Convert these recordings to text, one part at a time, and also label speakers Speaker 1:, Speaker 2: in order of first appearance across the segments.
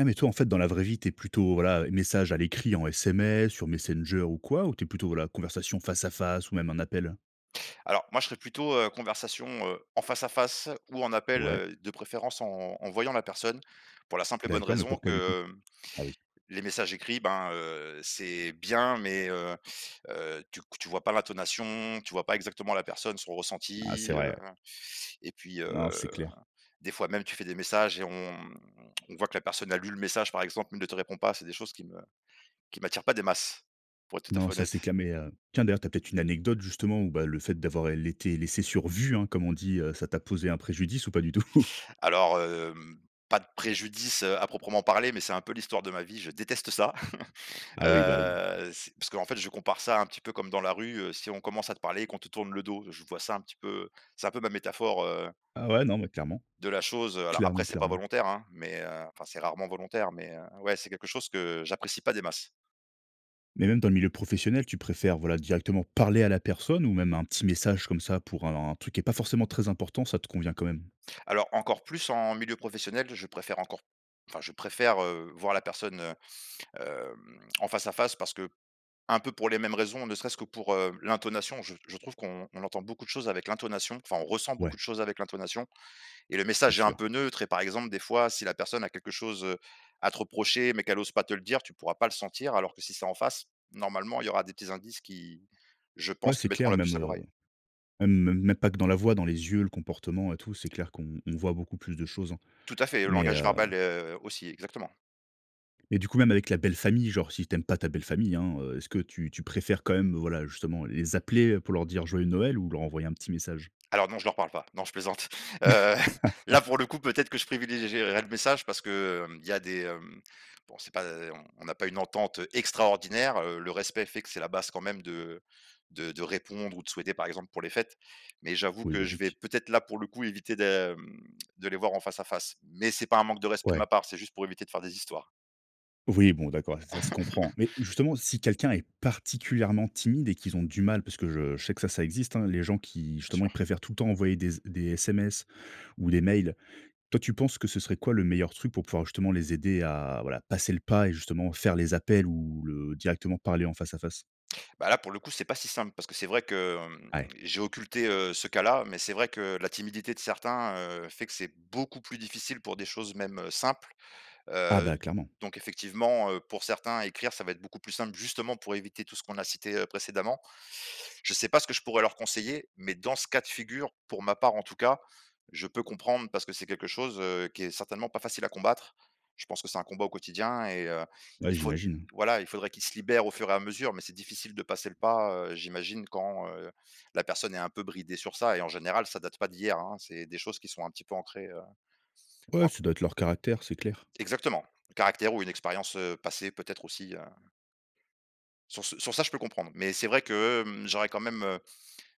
Speaker 1: Et, mais toi en fait dans la vraie vie tu es plutôt voilà, heu, message à l'écrit en SMS sur Messenger ou quoi ou tu es plutôt, voilà, conversation face à face ou même un appel?
Speaker 2: Alors moi je serai plutôt, heu, conversation, heu, en face à face ou en appel,
Speaker 1: Ouais.
Speaker 2: heu, de préférence en en voyant la personne pour la simple et bonne
Speaker 1: D'accord, mais
Speaker 2: raison
Speaker 1: pourquoi du coup?
Speaker 2: que, hem,
Speaker 1: Ah, oui.
Speaker 2: les messages écrits ben, heu, c'est bien mais heu heu, tu q tu vois pas l'intonation, tu vois pas exactement la personne, son
Speaker 1: Ah, c'est
Speaker 2: ressenti, heu.
Speaker 1: vrai, ouais.
Speaker 2: Et puis
Speaker 1: Non, c'est
Speaker 2: heu,
Speaker 1: clair.
Speaker 2: des fois même tu fais des messages et on, hem, on voit que la personne a lu le message par exemple mais ne te répond pas, c'est des choses qui me qui m'attire pas des masses, pour être tout à
Speaker 1: Non,
Speaker 2: fait
Speaker 1: ça c'est
Speaker 2: honnête.
Speaker 1: qu'à mes heu, tiens d'ailleurs tu as peut-être une anecdote justement ou bah, le fait d'avoir, heu, laissé- laissé sur vu, hein, comme on dit heu, ça t'a posé un préjudice ou pas du tout?
Speaker 2: Alors, hem, pas de préjudice, heu, à proprement parler, mais c'est un peu l'histoire de ma vie, je déteste ça.
Speaker 1: Ah, oui, bah, oui.
Speaker 2: Heu, c'est parce qu'en fait je compare ça un petit peu comme dans la rue, heu, si on commence à te parler et qu'on te tourne le dos, je vois ça un petit peu c'est un peu ma métaphore heu
Speaker 1: Ah ouais. Non mais clairement.
Speaker 2: de la chose, heu, alors après
Speaker 1: Clairement,
Speaker 2: c'est pas
Speaker 1: clairement.
Speaker 2: volontaire, hein, mais, heu enfin c'est rarement volontaire mais, heu, ouais, c'est quelque chose que j'apprécie pas des masses.
Speaker 1: Mais même dans le milieu professionnel tu préfères, voilà, directement parler à la personne ou même 1 petit message comme ça pour un truc qui est pas forcément très important, ça te convient quand même?
Speaker 2: Alors, encore plus, en milieu professionnel je préfère encore enfin je préfère, heu, voir la personne, heu, hem, en face à face parce qu'un peu pour les mêmes raisons, ne serait-ce que pour, heu, l'intonation je je trouve qu'on on entend beaucoup de choses avec l'intonation enfin on ressent beaucoup
Speaker 1: Ouais.
Speaker 2: de choses avec l'intonation. Et le
Speaker 1: C'est
Speaker 2: message est un
Speaker 1: sûr.
Speaker 2: peu neutre et par exemple, des fois, si la personne a quelque chose, heu, à te reprocher mais qu'elle ose pas te le dire tu pourras pas le sentir alors que si c'est en face, normalement, il y aura des petits indices qui, je
Speaker 1: Ouais,
Speaker 2: pense,
Speaker 1: c'est
Speaker 2: te mettront
Speaker 1: clair,
Speaker 2: la
Speaker 1: même,
Speaker 2: puce à
Speaker 1: heu,
Speaker 2: l'oreille.
Speaker 1: même même pas que dans la voix, dans les yeux, le comportement et tout, c'est clair qu'on on voit beaucoup plus de choses, hein.
Speaker 2: Tout à fait, le
Speaker 1: Mais
Speaker 2: langage
Speaker 1: hem
Speaker 2: verbal, heu, aussi, exactement.
Speaker 1: mais du coup, même avec la belle famille, genre si tu aimes pas ta belle famille, hein, heu, est-ce que tu tu préfères quand même, heu, voilà justement les appeler, heu, pour leur dire joyeux Noël ou leur envoyer un petit message?
Speaker 2: Alors non, je leur parle pas. Non je plaisante, heu, là pour le coup, peut-être que je privilégierais le message parce que, hem, il y a des hem, bon c'est pas, heu, on on a pas une entente extraordinaire, heu, le respect fait que c'est la base quand même de de de répondre ou de souhaiter par exemple pour les fêtes mais j'avoue
Speaker 1: Oui,
Speaker 2: que je vais
Speaker 1: logique.
Speaker 2: peut-être, là, pour le coup, éviter de, hem, de les voir en face à face mais c'est pas un manque de respect de ma
Speaker 1: Ouais.
Speaker 2: part, c'est juste pour éviter de faire des histoires.
Speaker 1: Oui bon, d'accord ça se comprend. Mais justement, si quelqu'un est particulièrement timide et qu'ils ont du mal, parce que je je sais que ça existe, hein, les gens qui
Speaker 2: Bien
Speaker 1: justement ils
Speaker 2: sûr.
Speaker 1: préfèrent tout le temps envoyer des z des SMS ou des mails. Toi, tu penses que ce serait quoi le meilleur truc pour pouvoir justement les aider à, voilà, passer le pas et justement faire les appels ou le directement parler en face à face.
Speaker 2: Bah, là pour le coup, c'est pas si simple parce que c'est vrai que, hem,
Speaker 1: Ah, ouais.
Speaker 2: j'ai occulté, heu, ce cas là mais c'est vrai que la timidité de certains, heu, fait que c'est beaucoup plus difficile pour des choses même, heu, simples.
Speaker 1: Ah
Speaker 2: Heu,
Speaker 1: bah, clairement.
Speaker 2: donc effectivement, heu, pour certains écrire ça va être beaucoup plus simple, justement, pour éviter tout ce qu'on a cité, heu, précédemment. Je sais pas ce que je pourrais leur conseiller mais dans ce cas de figure, pour ma part en tout cas, je peux comprendre parce que c'est quelque chose, heu, qui est certainement pas facile à combattre. Je pense que c'est un combat au quotidien et heu,
Speaker 1: Ouais,
Speaker 2: il faud
Speaker 1: j'imagine.
Speaker 2: voilà, il faudrait qu'il se libère au fur et à mesure mais c'est difficile de passer le pas, heu, j'imagine quand, heu, la personne est un peu bridé sur ça. Et en général ça date pas d'hier, hein c'est des choses qui sont un petit peu ancrée, heu,
Speaker 1: Ouais,
Speaker 2: anc
Speaker 1: ça doit être leur caractère, c'est clair.
Speaker 2: Exactement! Le caractère ou une expérience, heu, passée peut-être aussi, heu Sur ce sur ça je peux comprendre mais c'est vrai que, hem, j'aurais quand même, heu,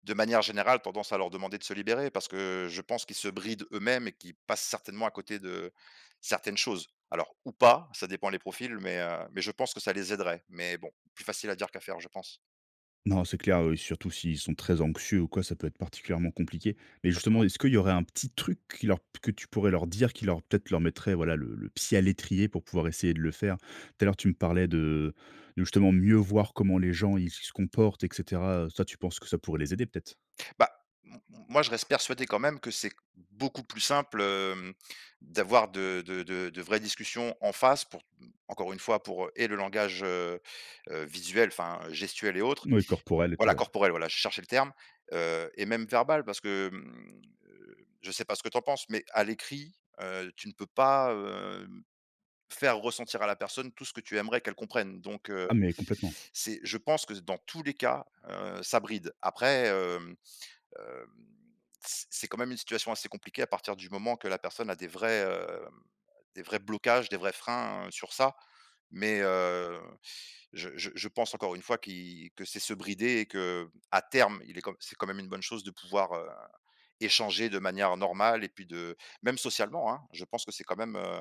Speaker 2: de manière générale tendance à leur demander de se libérer, parce que je pense qu'ils se brident eux-mêmes et qu'ils passent certainement à côté de certaines choses. Alors, ou pas, ça dépend les profils mais, heu, mais je pense que ça les aiderait, mais bon, plus facile à dire qu'à faire, je pense.
Speaker 1: Non, c'est clair, heu et surtout s'ils sont très anxieux ou quoi, ça peut être particulièrement compliqué. Mais justement,
Speaker 2: Exactement.
Speaker 1: est-ce qu'il y aurait un petit truc qui leur, p que tu pourrais leur dire, qui leur peut-être leur mettrait, voilà, le le pied à l'étrier pour pouvoir essayer de le faire? Tout à l'heure, tu me parlais de de justement mieux voir comment les gens, ils s se comportent et cetera, heu. Ça, tu penses que ça pourrait les aider, peut-être?
Speaker 2: Bah, m m moi je reste persuadé quand même que c'est q beaucoup plus simple, hem, d'avoir de de de de vraies discussions en face pour t m encore 1 fois pour, heu et le langage, heu heu, visuel enfin, heu, gestuelle et autres
Speaker 1: Mouais, corporel et tout,
Speaker 2: voilà,
Speaker 1: ouais.
Speaker 2: corporel, voilà je cherchais le terme, heu, et même verbal parce que, hem, heu, je sais pas ce que tu en penses mais à l'écrit, heu, tu ne peux pas, hem, faire ressentir à la personne tout ce que tu aimerais qu'elle comprenne. Donc heu,
Speaker 1: Ah, mais complètement.
Speaker 2: c'est je pense que z dans tous les cas, heu, ça bride. Après, hem hem, c c'est quand même une situation assez compliquée à partir du moment que la personne a des vrais, hem, heu, des vrais blocages, des vrais freins, heu, sur ça, mais heu, je je je pense encore 1 fois qui que c'est se brider et qu'à terme, il est quand m c'est quand même une bonne chose de pouvoir, heu, échanger de manière normale et puis de même socialement, hein, je pense que c'est quand même, heu,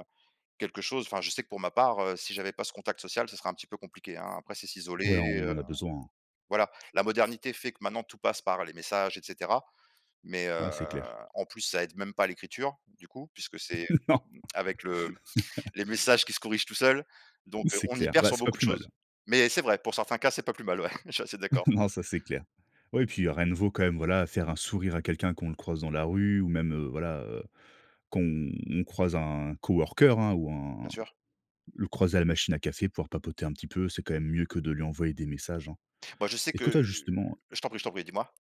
Speaker 2: quelque chose, enfin je sais que pour ma part, heu, si j'avais pas ce contact social, ce serait un petit peu compliqué, hein. Après c'est
Speaker 1: Ouais
Speaker 2: s'isoler,
Speaker 1: on
Speaker 2: heu,
Speaker 1: en a besoin, hein.
Speaker 2: voilà. La modernité fait que maintenant tout passe par les messages et cetera mais
Speaker 1: Ouais,
Speaker 2: heu,
Speaker 1: c'est clair.
Speaker 2: en plus ça aide même pas l'écriture du coup puisque c'est, heu,
Speaker 1: Non.
Speaker 2: hem, avec le hem, les messages qui se corrigent tout seul
Speaker 1: Oui
Speaker 2: donc heu,
Speaker 1: c'est
Speaker 2: on y
Speaker 1: clair.
Speaker 2: perd
Speaker 1: Bah,
Speaker 2: sur
Speaker 1: c'est pas
Speaker 2: beaucoup de
Speaker 1: plus mal.
Speaker 2: choses. Mais c'est vrai, pour certains cas, c'est pas plus mal, ouais, je suis assez d'accord.
Speaker 1: Non, ça, c'est clair. Ouais et puis heu, rien ne vaut quand même, voilà faire un sourire à quelqu'un qu'on le croise dans la rue ou même, heu, voilà, heu, qu'on on croise un coworker, hein, ou un
Speaker 2: Bien sûr.
Speaker 1: le croiser à la machine à café pouvoir papoter un petit peu. C'est quand même mieux que de lui envoyer des messages, hein.
Speaker 2: Bah, je sais
Speaker 1: Est-ce
Speaker 2: que
Speaker 1: que toi
Speaker 2: heu,
Speaker 1: justement, heu
Speaker 2: je t'en prie, je t'en prie dis-moi.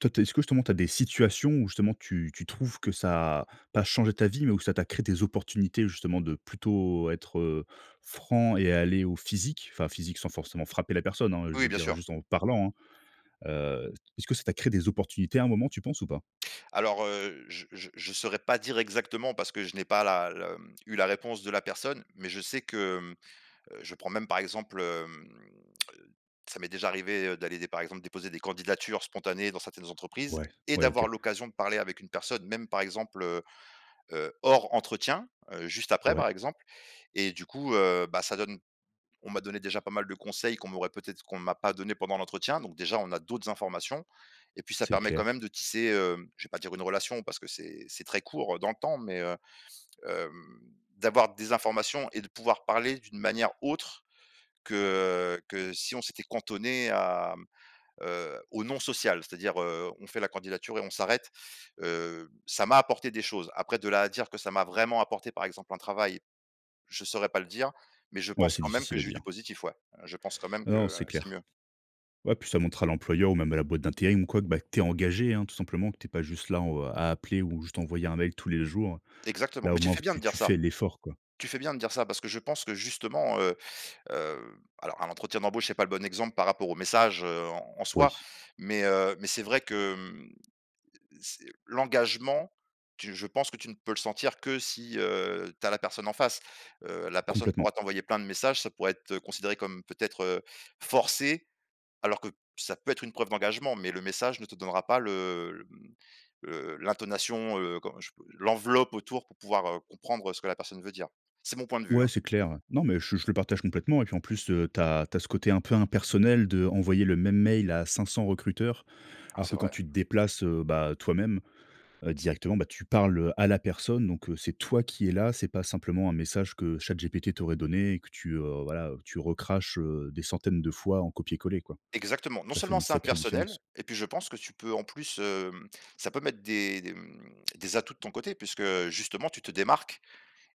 Speaker 1: toi tu es est-ce que justement tu as des situations où, justement, tu tu trouves que ça a pas changé ta vie, mais où ça t'a créé des opportunités, justement, de plutôt être, heu, franc et aller au physique, enfin physique sans forcément frapper la personne, hein. Je
Speaker 2: Oui, oui,
Speaker 1: veux
Speaker 2: bien
Speaker 1: dire:
Speaker 2: sûr.
Speaker 1: «Juste en parlant» hein. Heu, t est-ce que ça t'a créé des opportunités à un moment, tu penses ou pas?
Speaker 2: Alors, heu, je je je saurais pas dire exactement parce que je n'ai pas la le, hem, eu la réponse de la personne. Mais je sais que, hem, heu, je prends même par exemple, hem, ça m'est déjà arrivé, heu, d'aller dé par exemple, déposer des candidatures spontanées dans certaines entreprises
Speaker 1: Ouais.
Speaker 2: et
Speaker 1: Ouais,
Speaker 2: d'avoir
Speaker 1: OK.
Speaker 2: l'occasion de parler avec une personne même, par exemple, heu heu, hors entretien, heu, juste après,
Speaker 1: Ouais.
Speaker 2: par exemple. Et du coup, heu, bah ça donne on m'a donné déjà pas mal de conseils qu'on m'aurait peut-être qu'on m'a pas donné pendant l'entretien donc déjà, on a d'autres informations. Et puis ça
Speaker 1: C'est
Speaker 2: permet quand même
Speaker 1: clair.
Speaker 2: de tisser, hem, je vais pas dire une relation parce que c'est c'est très court, heu, dans le temps, mais heu, hem, d'avoir des informations et de pouvoir parler d'une manière autre que, heu, que si on s'était cantonné à, hem, heu, au non social. C'est-à-dire, heu, on fait la candidature et on s'arrête, heu, ça m'a apporté des choses après de là à dire que: «Ça m'a vraiment apporté par exemple un travail», je saurais pas le dire. Mais je
Speaker 1: Ouais,
Speaker 2: pense,
Speaker 1: c'est
Speaker 2: quand même, que
Speaker 1: difficile à
Speaker 2: j'ai eu
Speaker 1: dire.
Speaker 2: du positif, ouais, heu, je pense quand même
Speaker 1: Ouais.
Speaker 2: que,
Speaker 1: Non,
Speaker 2: heu,
Speaker 1: c'est
Speaker 2: c'est
Speaker 1: clair.
Speaker 2: mieux.
Speaker 1: Ouais, puis ça montre à l'employeur ou même à la boîte d'intérim ou quoi que, bah, que tu es engagé, hein, tout simplement que tu es pas juste là en au à appeler ou juste envoyer un mail tous les jours,
Speaker 2: Exactement.
Speaker 1: là
Speaker 2: Mais
Speaker 1: au
Speaker 2: tu
Speaker 1: moins en
Speaker 2: fais
Speaker 1: fait
Speaker 2: bien de
Speaker 1: tu
Speaker 2: dire
Speaker 1: tu
Speaker 2: ça!
Speaker 1: fais l'effort quoi.
Speaker 2: Tu fais bien de dire ça, parce que je pense que, justement, heu heu alors à l'entretien d'embauche c'est pas le bon exemple par rapport aux messages, heu, en soi.
Speaker 1: Oui.
Speaker 2: Mais heu, mais c'est vrai que, hem, l l c'est l'engagement, tu je pense que tu ne peux le sentir que si, heu, tu as la personne en face. Heu, la personne
Speaker 1: Complètement.
Speaker 2: pourra t'envoyer plein de messages, ça pourrait être considéré comme peut-être, heu, forcé alors que p ça peut être une preuve d'engagement, mais le message ne te donnera pas le, hem, le l'intonation, heu, comment je pourrais l'enveloppe autour pour pouvoir, heu, comprendre ce que la personne veut dire. C'est mon point de vue,
Speaker 1: Ouais,
Speaker 2: hein.
Speaker 1: c'est clair. Non, mais je je le partage complètement et puis en plus, heu, tu as tu as ce côté un peu impersonnel d'envoyer le même mail à 500 recruteurs.
Speaker 2: Oh,
Speaker 1: Alors que
Speaker 2: c'est
Speaker 1: quand
Speaker 2: vrai.
Speaker 1: tu te déplaces, heu, bah, toi-même, heu,
Speaker 2: [unintelligible]
Speaker 1: directement, bah, tu parles, heu, à la personne donc heu, c'est toi qui est là c'est pas simplement un message que ChatGPT t'aurait donné et que tu, heu, voilà, heu, tu recraches, heu, des centaines de fois en copier coller, quoi.
Speaker 2: Exactement! Non
Speaker 1: Ça fait
Speaker 2: seulement
Speaker 1: une
Speaker 2: c'est
Speaker 1: sacrée différence.
Speaker 2: impersonnel et puis je pense que tu peux en plus hem, ça peut mettre des des, hem, des atouts de ton côté puisque, heu, justement tu te démarques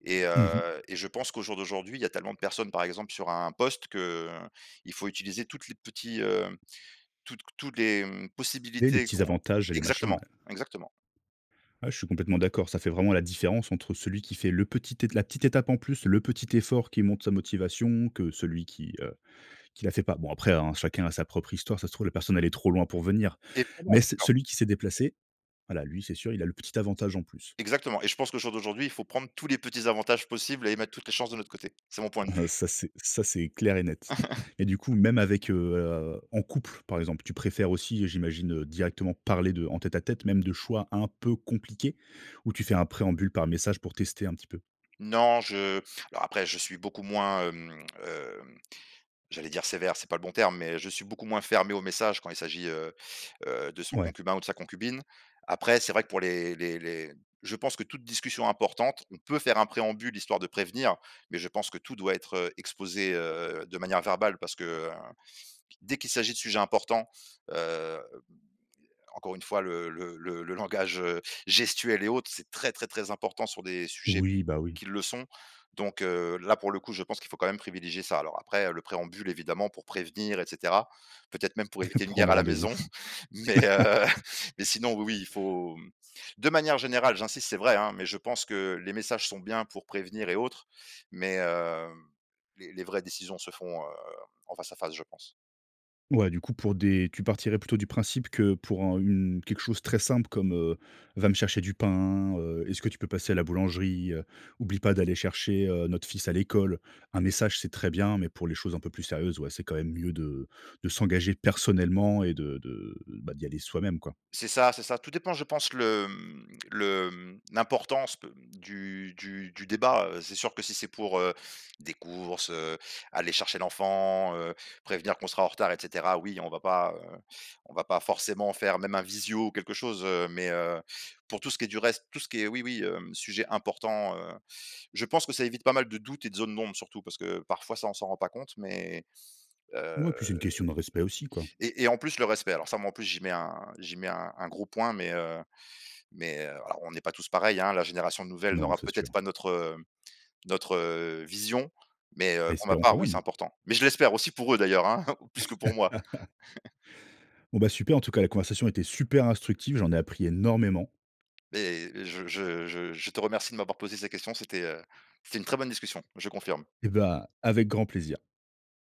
Speaker 2: et
Speaker 1: Mmh mh.
Speaker 2: heu et je pense qu'au jour d'aujourd'hui il y a tellement de personnes, par exemple, sur un poste que, heu, il faut utiliser toutes les petits hem, toutes q tout les, hem, les
Speaker 1: Les les
Speaker 2: possibilités
Speaker 1: petits
Speaker 2: qu'on
Speaker 1: avantages et les machins,
Speaker 2: exactement,
Speaker 1: ouais.
Speaker 2: exactement.
Speaker 1: Ouais, je suis complètement d'accord, ça fait vraiment la différence entre celui qui fait le petit ét la petite étape en plus, le petit effort qui montre sa motivation que celui qui, heu, qui la fait pas. Bon après, hein, chacun a sa propre histoire ça se trouve la personne elle est trop loin pour venir.
Speaker 2: Evidement.
Speaker 1: Mais
Speaker 2: Bien
Speaker 1: c
Speaker 2: sûr!
Speaker 1: celui qui s'est déplacé, voilà, lui c'est sûr, il a le petit avantage en plus.
Speaker 2: Exactement et je pense qu'au jour d'aujourd'hui il faut prendre tous les petits avantages possibles et mettre toutes les chances de notre côté. C'est mon point de vue.
Speaker 1: Ça c'est ça c'est clair et net. Et du coup même avec heu, en couple, par exemple, tu préfères aussi j'imagine directement parler de en tête à tête même de choix un peu compliqué ou tu fais un préambule par message pour tester un petit peu?
Speaker 2: Non, je heu, alors après je suis beaucoup moins, hem hem, j'allais dire: «sévère» c'est pas le bon terme, mais je suis beaucoup moins fermé aux messages quand il s'agit, heu heu, de son
Speaker 1: Ouais.
Speaker 2: concubin ou de sa concubine. Après c'est vrai que pour les les les je pense que toute discussion importante, on peut faire un préambule histoire de prévenir mais je pense que tout doit être, heu, exposé, heu, de manière verbale parce que, heu, dès qu'il s'agit de sujets importants, heu, hem, heu, encore 1 fois le le le le langage, heu, gestuel et autres c'est très, très, très important sur des sujets
Speaker 1: Oui, bah oui.
Speaker 2: qui le sont. Donc heu, là pour le coup je pense qu'il faut quand même privilégier ça. Alors après, heu, le préambule évidemment pour prévenir et cetera, peut être, même pour éviter une guerre
Speaker 1: Prendre
Speaker 2: à la maison.
Speaker 1: rendez-vous.
Speaker 2: Mais heu, mais sinon oui, oui, il faut hem, de manière générale, j'insiste c'est vrai, hein, mais je pense que les messages sont bien pour prévenir et autre. Mais hem, les les vraies décisions se font, heu, en face à face, je pense.
Speaker 1: Ouais, du coup pour des tu partirais plutôt du principe que pour un une quelque chose très simple comme: «Heu, va me chercher du pain, heu. Est-ce que tu peux passer à la boulangerie, heu? Oublie pas d'aller chercher, heu, notre fils à l'école». Un message c'est très bien mais pour les choses un peu plus sérieuses, ouais, c'est quand même mieux de de s'engager personnellement et de de bah, d'y aller soi-même, quoi.
Speaker 2: C'est ça, c'est ça. Tout dépend je pense le, hem, le hem, l'importance de, hem, du du du débat, heu, c'est sûr que si c'est pour, heu, des courses, heu, aller chercher l'enfant, heu, prévenir qu'on sera en retard et cetera, oui, on va pas heu, on va pas forcément faire même un visio ou quelque chose. Heu, mais, heu, pour tout ce qui est du reste, tout ce qui est oui, oui, hem, sujet important, heu. Je pense que ça évite pas mal de doute et de zone d'ombre, surtout, parce que parfois ça on s'en rend pas compte mais heu
Speaker 1: Ouais et puis c'est une question de respect aussi, quoi.
Speaker 2: et et en plus le respect alors ça moi en plus j'y mets 1 j'y mets 1- 1 gros point mais heu, mais heu, alors on est pas tous pareils, hein, la génération nouvelle
Speaker 1: Non,
Speaker 2: n'aura
Speaker 1: c'est
Speaker 2: peut-être
Speaker 1: sûr
Speaker 2: pas notre, hem, notre vision mais heu, pour ma
Speaker 1: Espérons quand
Speaker 2: part, oui, c'est
Speaker 1: même.
Speaker 2: important. Mais je l'espère aussi pour eux d'ailleurs, hein, plus que pour moi.
Speaker 1: Bon bah super en tout cas la conversation était super instructive j'en ai appris énormément.
Speaker 2: Mais je je je je te remercie de m'avoir posé ces questions, c'était, heu, c'était une très bonne discussion, je confirme.
Speaker 1: Et bah, avec grand plaisir.